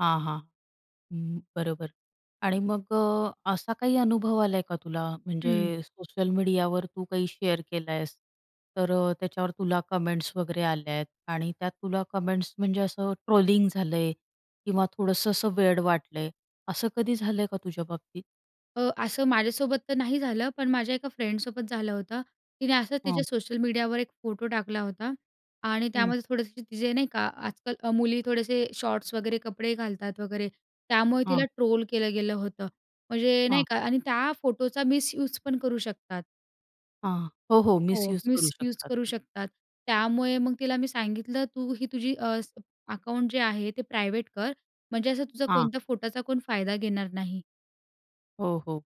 हां, हां. हं, बरोबर आणि मग अ, असा काही अनुभव आलाय का तुला म्हणजे हं. सोशल मीडियावर तू काही शेअर केल आहेस तर अ, त्याच्यावर तुला कमेंट्स वगैरे आल्या आहेत आणि त्यात तुला कमेंट्स म्हणजे असं ट्रोलिंग झालंय किंवा थोडंसं असं वेड वाटलंय? असं कधी झालंय का तुझ्याबाबतीत? अ, असं माझ्यासोबत तर नाही झालं, पण माझ्या एका फ्रेंडसोबत झालं होतं. तिने असंच तिच्या हं. सोशल मीडियावर एक फोटो टाकला होता आणि हं. त्यामध्ये थोडेसे तिचे नाही का, आजकाल अ, मुली थोडेसे शॉर्ट्स वगैरे कपडे घालतात वगैरे. त्यामुळे तिला हां. ट्रोल केलं गेलं होतं. म्हणजे नाही हां. का आणि त्या फोटोचा मिसयूज पण करू शकतात. हां, हो, हो, हो, मिसयुज करू मिसयूज शकतात. करू शकतात. त्यामुळे मग तिला मी सांगितलं, "तू ही तुझी अ, स अकाउंट जे आहे ते प्रायव्हेट कर म्हणजे असं तुझा हां. कोणत्या फोटोचा फायदा घेणार नाही." हो, हो,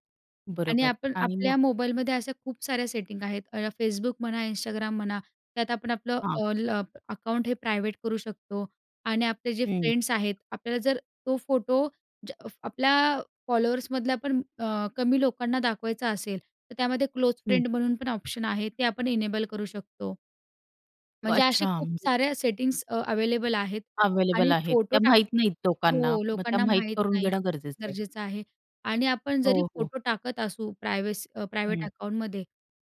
आणि बरोबर आपण आणि आपल्या मग मोबाईलमध्ये अशा खूप साऱ्या सेटिंग आहेत. अ, Facebook म्हणा, Instagram म्हणा. त्यात आपण आपलं हां. ऑल अप अकाउंट हे प्रायव्हेट करू शकतो आणि आपले जे हं. फ्रेंड्स आहेत, आपल्याला जर तो फोटो ज आपल्या फॉलोअर्समधल्या पण अ, कमी लोकांना दाखवायचा असेल तर त्यामध्ये क्लोज हं. फ्रेंड म्हणून पण ऑप्शन आहे, ते आपण इनेबल करू शकतो. म्हणजे असे अच्छा! खूप साऱ्या सेटिंग्स अ, अव्हेलेबल आहेत आणि अव्हेलेबल आहेत. फोटो त्या टाक माहीत नाहीत लोकांना हो, मग त्या लोकांना माहीत माहीत करून नाही. घेणं गरजेचं आहे. गरजेचं आहे आणि आपण जरी हो, हो. फोटो टाकत असू प्रायव्हेस अ, प्रायव्हेट हं. अकाउंटमध्ये,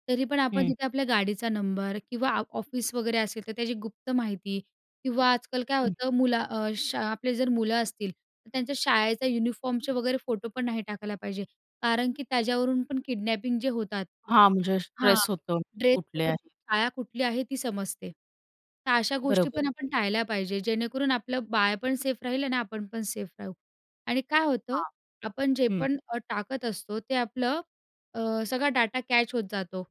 तरी पण आपण हं. तिथे आपल्या गाडीचा नंबर किंवा आफ ऑफिस वगैरे असेल तर त्याची गुप्त माहिती किंवा आजकाल काय हं. होतं मुला अ, शा आपले जर मुलं असतील तर त्यांच्या शाळेचा युनिफॉर्मचे वगैरे फोटो पण नाही टाकायला पाहिजे कारण की त्याच्यावरून पण किडनॅपिंग जे होतात हां, म्हणजे हां, स्ट्रेस होतो कुठले ड्रेसवरुन आहे. शाळा कुठली आहे ती समजते. तर अशा गोष्टी बरोबर. पण आपण टाळल्या पाहिजे. जेणेकरून आपलं बाळ पण सेफ राहील आणि आपण पण सेफ राहू आणि काय होतं हां. आपण जे हं. पण अ, टाकत असतो ते आपलं अ, सगळा डेटा कॅच होत जातो.